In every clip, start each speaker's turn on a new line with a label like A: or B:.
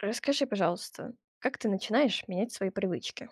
A: Расскажи, пожалуйста, как ты начинаешь менять свои привычки?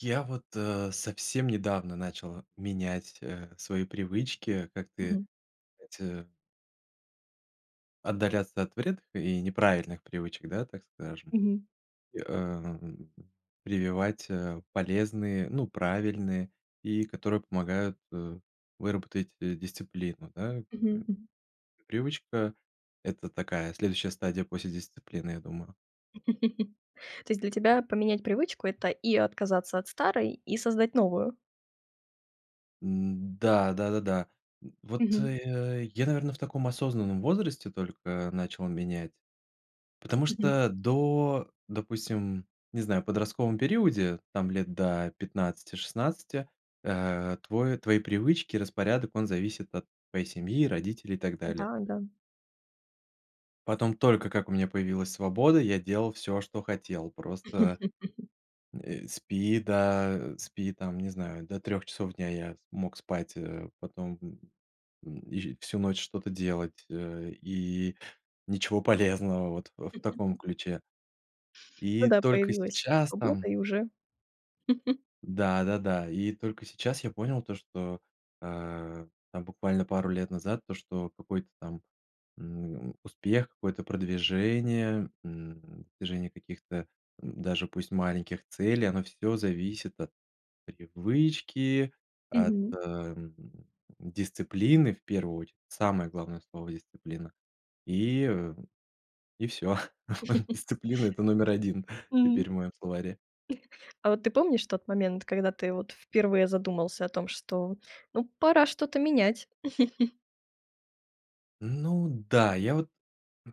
B: Я вот, э, совсем недавно начал менять, э, свои привычки, как ты,
A: Мгм.
B: эти отдаляться от вредных и неправильных привычек, да, так скажем,
A: Мгм.
B: и, эм, прививать, э, полезные, ну, правильные, и которые помогают, э, выработать, э, дисциплину, да, м.
A: Мгм, м.
B: Привычка- это такая следующая стадия после дисциплины, я думаю.
A: То есть для тебя поменять привычку- это и отказаться от старой, и создать новую?
B: М, да, да-да-да. М, вот,
A: Мгм.
B: э, я, наверное, в таком осознанном возрасте только начал менять, потому
A: Мгм.
B: что, до, допустим, не знаю, в подростковом периоде, там, лет до 15-16, э, твой твои привычки, распорядок- он зависит от твоей семьи, родителей и так
A: Да,
B: далее.
A: да.
B: Потом, только как у меня появилась свобода, я делал всё, что хотел. Просто, м, э, спи до, спи, там, не знаю, до 3 часов дня я с мог спать, э, потом, м м, и всю ночь что-то делать, э, и ничего полезного, вот ф в таком ключе.
A: Ну
B: И
A: да,
B: только
A: появилась
B: сейчас
A: свобода,
B: там
A: и уже.
B: Да, да-да, и только сейчас я понял то, что, а, там буквально пару лет назад, то, что какой-то там, м, успех, какое-то продвижение, м, движение каких-то, м, даже пусть маленьких целей- оно всё зависит от привычки, от,
A: Мгм.
B: ам, дисциплины, в первую очередь. Самое главное слово- дисциплина. И э. И всё. Дисциплина это номер 1
A: М.
B: теперь в моем словаре.
A: А вот ты помнишь тот момент, когда ты, вот, впервые задумался о том, что, ну, пора что-то менять?
B: Ну да, я вот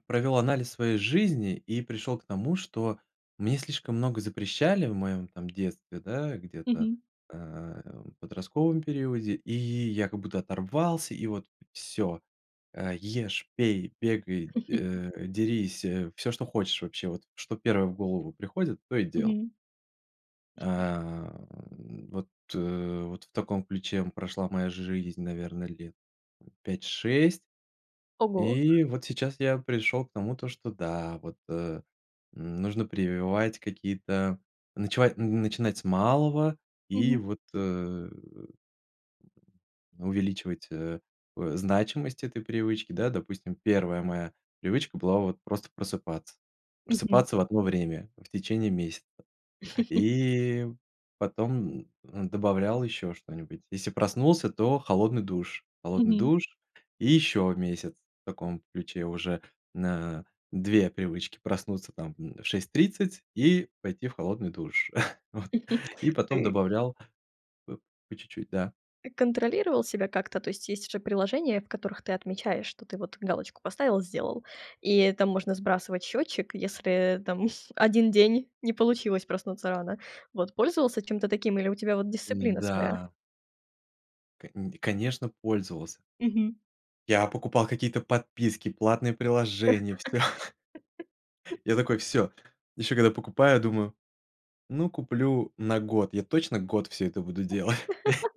B: провёл анализ своей жизни, и пришёл к тому, что мне слишком много запрещали в моем, там, детстве, да, где-то,
A: Мгм.
B: а, в подростковом периоде, и я как будто оторвался и вот всё. Э, ешь, пей, бегай, э, дерись, э, всё, что хочешь вообще. Вот, что первое в голову приходит, то и делал.
A: Мгм.
B: А, н вот, э, вот в таком ключе, м, прошла моя жизнь, наверно, лет, м, 5-6.
A: Ого.
B: И вот сейчас я пришел к тому то, что, да, вот, а, м, нужно прививать какие-то ночевать н начинать с малого, и
A: Мгм.
B: вот, э, м, увеличивать, э, о значимость этой привычки. Да, допустим, 1 моя привычка была- вот просто просыпаться.
A: Мгм.
B: Просыпаться в одно время в течение месяца. И потом, м, добавлял еще что-нибудь. Если проснулся, то холодный душ. Холодный
A: Мгм.
B: душ и еще месяц в таком ключе, уже на 2 привычки проснуться, там, м, в 6:30 и пойти в холодный душ, вот. И
A: А
B: потом
A: ты
B: добавлял по чуть-чуть, да.
A: Ты контролировал себя как-то? То есть же приложения, в которых ты отмечаешь, что ты вот галочку поставил, сделал, и там можно сбрасывать счётчик, если, там, 1 день не получилось проснуться рано. Вот, пользовался чем-то таким или у тебя, вот,
B: М,
A: дисциплина своя?
B: да. Конь конечно, пользовался.
A: Мгм.
B: Я покупал какие-то подписки, платные приложения всё. Я такой: всё. Еще когда покупаю, думаю: ну, куплю на год. Я точно год всё это буду делать.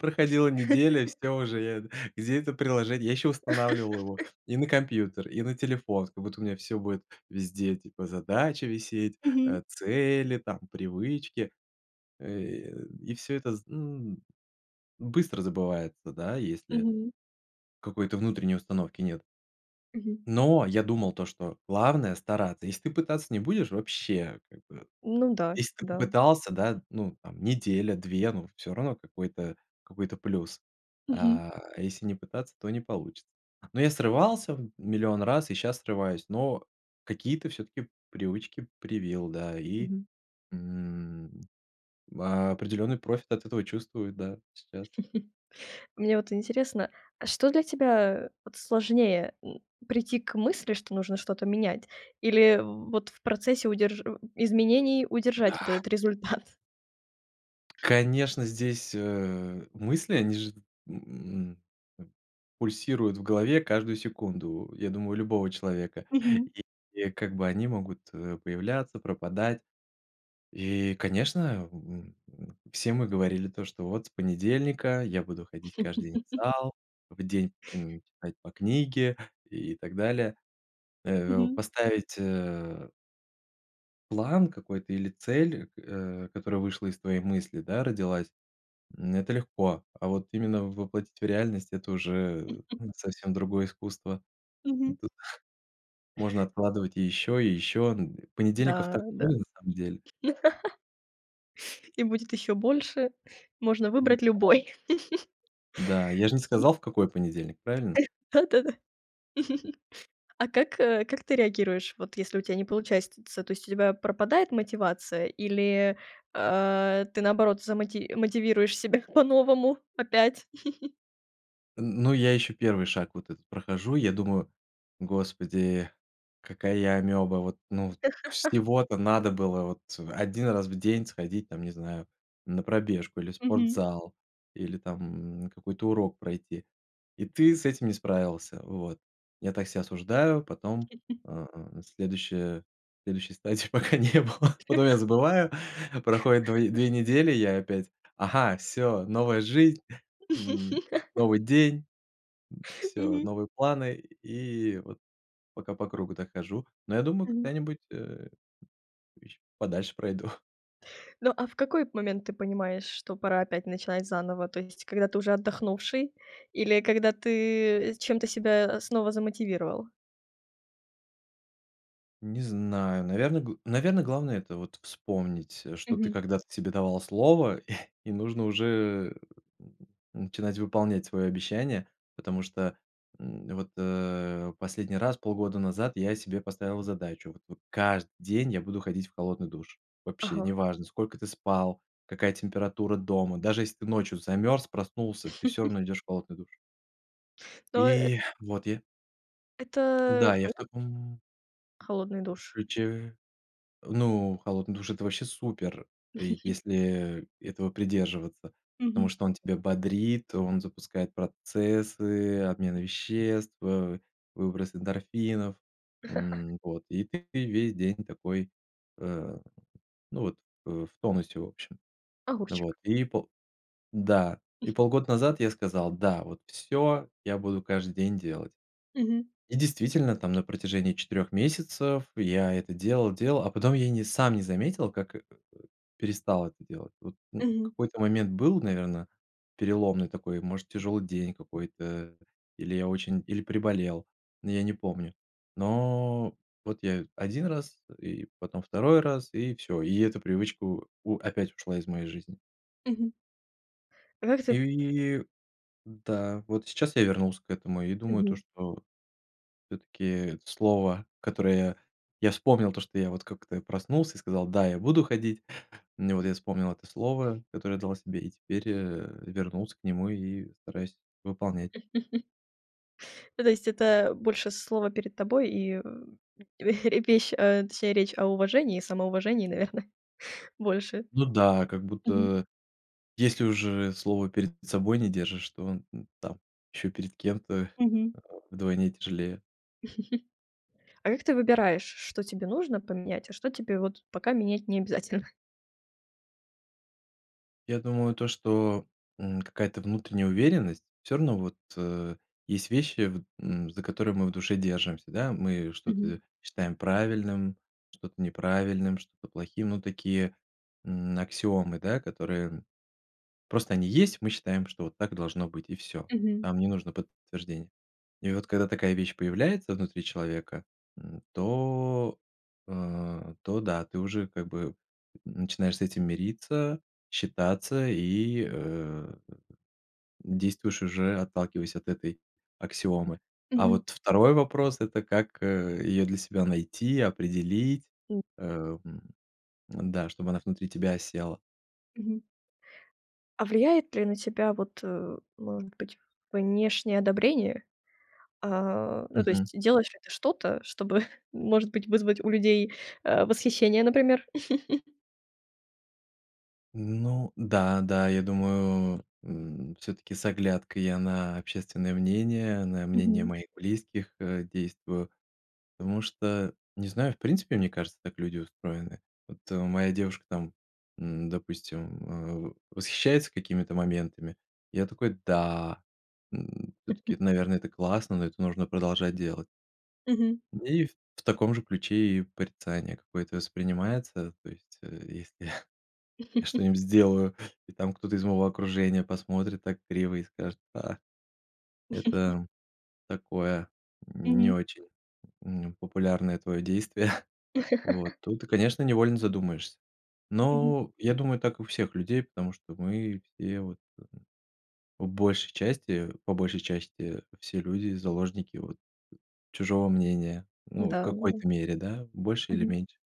B: Проходила неделя, всё уже, я эт Где это приложение? Я еще устанавливал его и на компьютер, и на телефон. Как будто у меня всё будет везде, типа, задачи висеть,
A: Мгм.
B: а, цели, там, привычки. Э, и и всё это зн Быстро забывается, да, если
A: Мгм.
B: какой-то внутренней установки нет.
A: Мгм.
B: Но я думал, то что главное- стараться. Если ты пытаться не будешь, вообще, как бы.
A: Ну да,
B: Если ты
A: да.
B: попытался, да, ну, там, неделя-две, ну всё равно какой-то какой-то плюс.
A: Мгм.
B: А если не пытаться, то не получится. Ну я срывался в 1000000 раз, и щас срываюсь, но какие-то всё-таки привычки привил, да, и,
A: Мгм.
B: м. Определенный профит от этого чувствую, да, сейчас.
A: Мне вот интересно, а что для тебя, вот, сложнее: м, прийти к мысли, что нужно что-то менять, или в, вот, в процессе удерж м, изменений удержать вот
B: Да!
A: этот результат?
B: Конечно, здесь, э, мысли, они же т м, м, пульсируют в голове каждую секунду, я думаю, у любого человека,
A: Мгм.
B: и и, как бы, они могут, э, появляться, пропадать. И, конечно, м, все мы говорили то, что вот с понедельника я буду ходить каждый день в зал, в день, м, читать по книге, и так далее, э.
A: Мгм.
B: Поставить, э план какой-то или цель, а, которая вышла из твоей мысли, да, родилась, м, это легко, а вот именно воплотить в реальность- это уже, э, совсем другое искусство,
A: Мгм.
B: да. Можно откладывать и ещё, и ещё, ну. Понедельников
A: Да,
B: так
A: да.
B: много на самом деле.
A: И будет ещё больше. Можно
B: Ну
A: выбрать
B: да.
A: любой.
B: Да. Я ж не сказал, в какой понедельник, правильно?
A: Да-да-да. А как, э, как ты реагируешь, вот если у тя не получается? То есть у тебя пропадает мотивация или, а, ты наоборот замоти мотивируешь себя по-новому опять?
B: Н ну, я еще 1 шаг вот этот прохожу. И я думаю: "Господи, какая я амеба, вот, ну". Всего-то надо было вот 1 раз в день сходить там, не знаю, на пробежку или в
A: Мгм.
B: спортзал, или там какой-то урок пройти. И ты с этим не справился, вот. Я так себя осуждаю, потом, а, на следующей следующей стадии пока не было. Потом я забываю, проходит два две недели, я опять: "Ага, всё, новая жизнь", м, новый день, м, всё,
A: Мгм.
B: новые планы. И вот пока по кругу так хожу. Но я думаю,
A: Мгм.
B: когда-нибудь, э, еще подальше пройду.
A: Ну, а в какой от момент ты понимаешь, что пора опять начинать заново? То есть когда ты уже отдохнувший, или когда ты, э, чем-то себя, а, снова замотивировал?
B: Не знаю. Наверно, гл наверно, главное- это вот вспомнить, э, что ты
A: Мгм.
B: когда-то себе давал слово, и нужно уже, м, начинать выполнять свое обещание, потому что, м, вот, э, последний раз полгода назад я себе поставил задачу. Вот вот каждый день я буду ходить в холодный душ. Вообще,
A: Ага.
B: неважно, сколько ты спал, какая температура дома. Даже если ты ночью замерз, проснулся, ты всё равно идешь в холодный душ.
A: Но, э
B: И вот я
A: это.
B: да, я в
A: [unintelligible]
B: таком
A: Холодный душ.
B: ключе. Ну, холодный душ- это вообще супер. И если этого придерживаться,
A: Мгм.
B: потому что он тебя бодрит, он запускает процессы, обмен веществ, ва выброс эндорфинов. М, вот и ты ве весь день такой, э, ну вот, э, в тонусе, в общем. Вот
A: Огурчик.
B: и пол да. И полгода назад я сказал: "Да, вот всё. Я буду каждый день делать".
A: Мгм.
B: И действительно, там на протяжении 4 месяцев я это делал-делал. А потом я не сам не заметил, как э, э, перестал это делать. Вот, ну, в
A: Мгм.
B: какой-то момент был, наверное, переломный такой, может, тяжелый день какой-то, или я очень или приболел. Ну я не помню. Но вот я 1 раз и потом 2 раз, и всё. И эту привычку у опять ушла из моей жизни.
A: Мгм. А как ты
B: И да. Вот сейчас я вернулся к этому и думаю, то
A: Мгм.
B: что всё-таки слово, которое я я вспомнил, то что я вот как-то проснулся и сказал: "Да, я буду ходить!" Ну вот я вспомнил это слово, которое дал себе, и теперь, э, вернулся к нему и стараюсь выполнять.
A: Ну, то есть это больше слово перед тобой, и, э, и репещь точнее, речь о уважении и самоуважении, наверное, больше.
B: Ну да, как
A: Мгм.
B: будто если уже слово перед собой не держишь, то, ну, там, еще перед кем-то
A: Мгм.
B: вдвойне тяжелее.
A: А как ты выбираешь что тебе нужно поменять, а что тебе, вот, пока менять не обязательно?
B: Я думаю, то что, м, какая-то внутренняя уверенность. Всё равно, вот, э, есть вещи, вот, м, за которые мы в душе держимся, да. Мы что-то
A: Мгм.
B: считаем правильным, что-то неправильным, что-то плохим. Ну, такие, м, аксиомы, да, которые просто они есть, и мы считаем, что вот так должно быть, и всё.
A: Мгм.
B: Там не нужно подтверждение. И вот когда такая вещь появляется внутри человека, м, то, э, то да. Ты уже как бы, м, начинаешь с этим мириться, считаться и, э, действуешь уже, отталкиваясь от этой аксиомы. А
A: Мгм.
B: вот 2 вопрос- это как, э, её для себя найти, определить,
A: М.
B: э, м, м-да, чтобы она внутри тебя осела.
A: Мгм. А влияет ли на тебя, вот, э, может быть, внешнее одобрение? А, ну, то
B: Мгм.
A: есть делаешь ли ты что-то, чтобы, может быть, вызвать у людей, э, восхищение, например?
B: Ну да, да. Я думаю, м, всё-таки с оглядкой я на общественное мнение, на мнение
A: Мгм.
B: моих близких, э, действую. Потому что, не знаю, в принципе, мне кажется, так люди устроены. Вот, э, моя девушка, там, м, допустим, э, во восхищается какими-то моментами. Я такой: "Да! М, всё-таки, наверное, это классно, ну это нужно продолжать делать".
A: Мгм.
B: И в в таком же ключе и порицание какое-то воспринимается. То есть, э, если я что-нибудь сделаю и там кто-то из моего окружения посмотрит так криво и скажет: "А, это такое, м, не
A: Мгм.
B: очень, м, популярное твое действие". Вот, тут, и конечно, невольно задумаешься.
A: Мгм.
B: Но я думаю, так и у всех людей, потому что мы все вот, в большей части, по большей части, все люди заложники вот, м, чужого мнения.
A: Да
B: Ну, в
A: да.
B: какой-то мере, да, в больше или
A: Мгм.
B: меньше.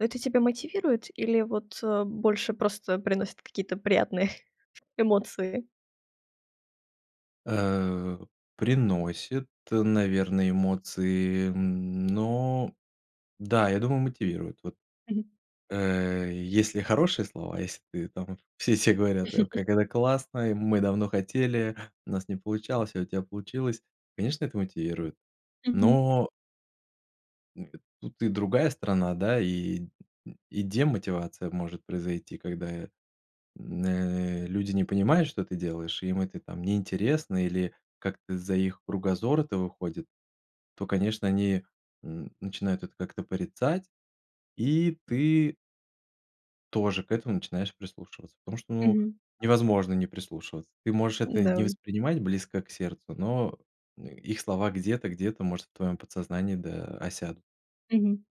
A: Но это тебя мотивирует или, вот, э, больше просто приносит какие-то приятные эмоции?
B: Э, приносит, наверное, эмоции, м, но, да, я думаю, мотивирует. Вот,
A: Мгм.
B: э, если хорошие слова, если ты там все все говорят: "Как это классно, мы давно хотели! У нас не получалось, а у тебя получилось". Конечно это мотивирует.
A: Мгм.
B: Но [unintelligible] Тут и другая сторона, да и, и демотивация может произойти, когда, м, э, люди не понимают, что ты делаешь, и им это там неинтересно или как-то за их кругозора это выходит, то, конечно, они, м, начинают это как-то порицать, и ты тоже к этому начинаешь прислушиваться, потому что, ну,
A: Мгм.
B: невозможно не прислушиваться. Ты можешь это не
A: М-да.
B: воспринимать близко к сердцу, но, э, их слова где-то где-то, может, в твоем подсознании да осядут.
A: Мгм.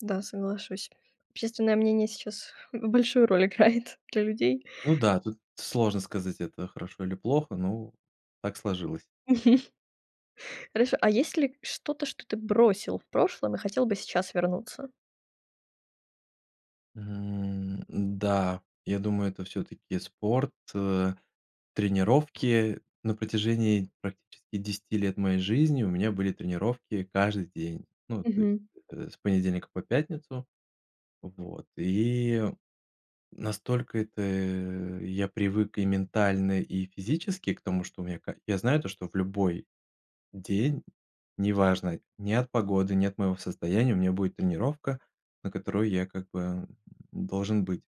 A: Да, соглашусь. Общественное мнение сейчас большую роль играет для людей.
B: Ну да, тут сложно сказать, это хорошо или плохо, но так сложилось.
A: Хорошо. А есть ли что-то, что ты бросил в прошлом и хотел бы сейчас вернуться?
B: Мгм, да, я думаю, это всё-таки спорт, э, тренировки. На протяжении практически 10 лет моей жизни у меня были тренировки каждый день. Ну, то есть,
A: Мгм.
B: э, с понедельника по пятницу. Вот и настолько это я привык и ментально, и физически к тому, что у меня каль я знаю, то, что в любой день, неважно, ни от погоды, ни от моего состояния, у меня будет тренировка, на которую я, как бы, должен быть.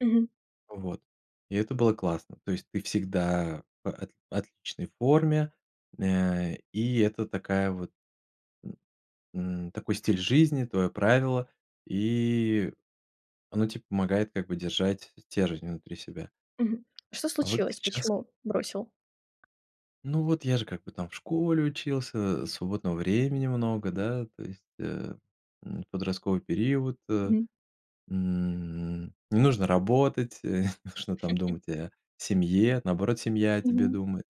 A: Мгм.
B: Вот, и это было классно. То есть ты всегда в ат в отличной форме, м, э, и это такая вот, м м, такой стиль жизни, твоё правило, и оно те помогает, как бы, держать стержень внутри себя.
A: Мгм. А что
B: А вот
A: случилось?
B: сейчас
A: Почему бросил?
B: Ну, вот я же как бы там в школе учился, свободного времени много, да, то есть, э, м, подростковый период.
A: Мгм.
B: М, не нужно работать, не нужно там думать о семье, наоборот, семья о тебе
A: Мгм.
B: думает.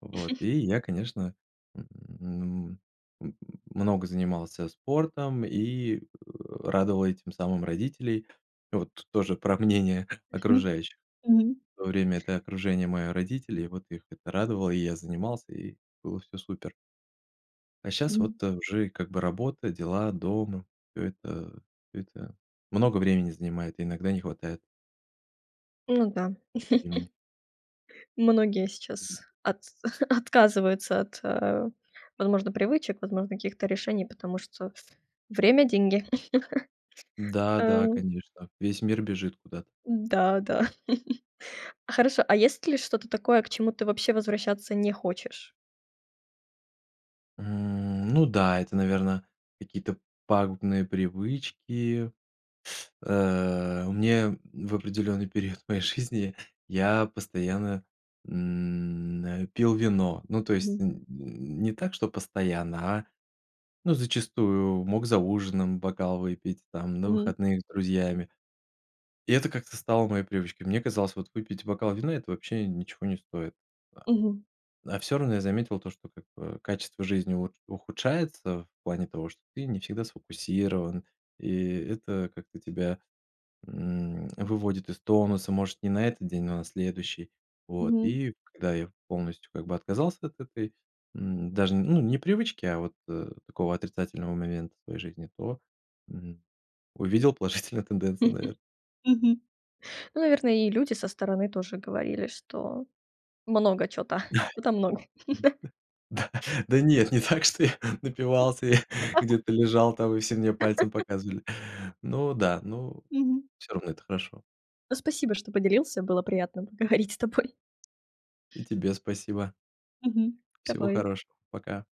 B: Вот, и я, конечно, м, м много занимался спортом и, э, радовал этим самым родителей. И вот тоже про мнение
A: Мгм,
B: окружающих.
A: мгм.
B: В то время это окружение- мои родители, и вот их это радовало, и я занимался, и было всё супер. А щас
A: Мгм.
B: вот уже и, как бы, работа, дела, дом, это это много времени занимает, иногда не хватает.
A: Ну да.
B: Ко времени.
A: Многие сейчас от отказываются от, э, возможно, привычек, возможно, каких-то решений, потому что "время- деньги".
B: Да да,
A: Эм.
B: конечно, весь мир бежит куда-то.
A: Да да. Хорошо, а есть ли что-то такое, к чему ты вообще возвращаться не хочешь?
B: М, ну да, это, наверно, какие-то пагубные привычки, а, мне в определенный период моей жизни я постоянно, м, э, пил вино. Ну, то есть
A: Мгм.
B: н н не так, что постоянно, а, ну, зачастую мог за ужином бокал выпить, там, на
A: Мгм.
B: выходных с друзьями. И это как-то стало моей привычкой. Мне казалось, вот выпить бокал вина- это вообще ничего не стоит.
A: Мгм.
B: А всё равно я заметил то, что, как бы, качество жизни ут ухудшается в плане того, что ты не всегда сфокусирован, и это как-то тебя, м, выводит из тонуса. Может, не на этот день, но на следующий. Вот
A: Мгм.
B: и когда я полностью, как бы, отказался от этой, м, даже ну не привычки, а вот, э, такого отрицательного момента своей жизни, то, м, увидел положительную тенденцию, наверно.
A: Мгм. Ну, наверное, и люди со стороны тоже говорили, что много чё-то, чё-то много.
B: [unintelligible] Да, да нет, не так, что я напивался я где-то лежал там, и все мне пальцем показывали. Но да, но,
A: Мгм.
B: всё равно это хорошо.
A: Ну, спасибо, что поделился. Было приятно поговорить с тобой.
B: И тебе спасибо.
A: Мгм,
B: Всего
A: давай.
B: хорошего, пока.